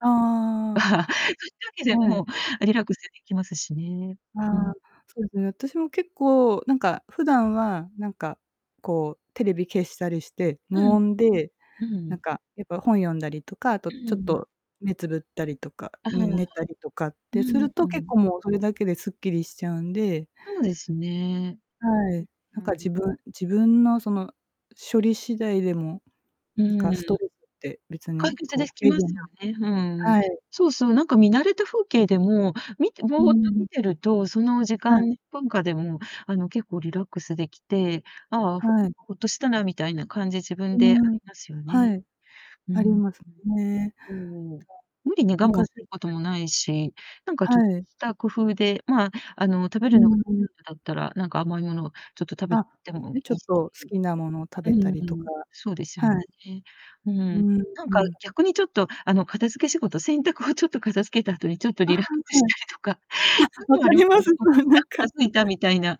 ああ。そゆ時ではい。も、リラックスできますしね、あうあ、ん。そうですね、私も、結構なんか、普段はなんか、こう、テレビ消したりして、う無ん。音で、うんうなんん。か、やっぱ、本読んだりとか、あとちょっ と、目つぶったりとか、あ、ねはあ。寝たりとかっうてするん、うと、結ん。構もうそれだけですっきりしちゃうんでそうですね。ん、はい、なんはかい。自分自分の、その、処理次第でも、うなんんかうストん。レスって別解に決こうでき軽ま減すよね、ふん、うん。はい。そうそう、なんか見慣れた風景でも、見てぼうーっとん。見てると、その時はい。間、とんかでも、あの、結構リラックスできて、ああ、ほはい。ホッとしたなみたいな感じ、自分うーでありん、ますよね。はい。うんあうりん。ますね。そう。うん、ううん、無理に我昔、慢することんもないし、なんか、ちょっはい。た工夫で、まあ、あの、食べうるの、んうん。だったら、なんか甘いものをちょっと食べあ、てもいね、ちょいっし。と好きなものを食うべたんうりとか、ん、そうですよね。はい。うーうん。ん、なんうかん。逆にちょっと、あの、片付け仕事、洗濯をちょっと片付けた後に、ちょっとあ、は、リラックスしはい。たりとか、あ、そう分いうのあかりまりますす、ね、ホッとそうして、なあ、ん片か付いたみたいな、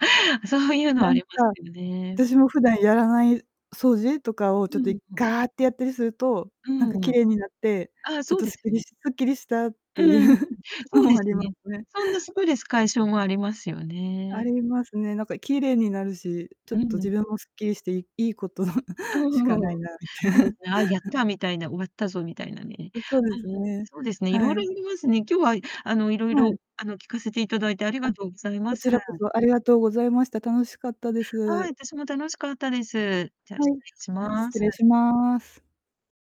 そうゆうのはなあんりか、ますけどね。私も普段やらない掃除とかをちょうっと、ん、いふん。ガーッてやったりすると、うなんかんう綺ん。麗になって、ああ、ちょっそうとですっすきりね。しすっきりしたっうてんゆううん、そのうでもあすりまね、すね。そんなストレス解消もありますよあね。りますね。なんか綺麗になるし、ちょっうと自ん。分もすっきりしていいいことのあ、うしん、ふかんふないん。な、みたそう ですね、ああ、やったみたいな、終わったぞみたいなね。う、そうあ、でね、すね、そうですね、色は々あい。りますね。今日は、いあの、色はい。々、あの、聞かせて頂いてありあ、がとうございまこす。ちらこそありがとうございました。楽しかったではい、す。私も楽しかったです。じゃ、は失い、礼しあ、ま失す。礼します。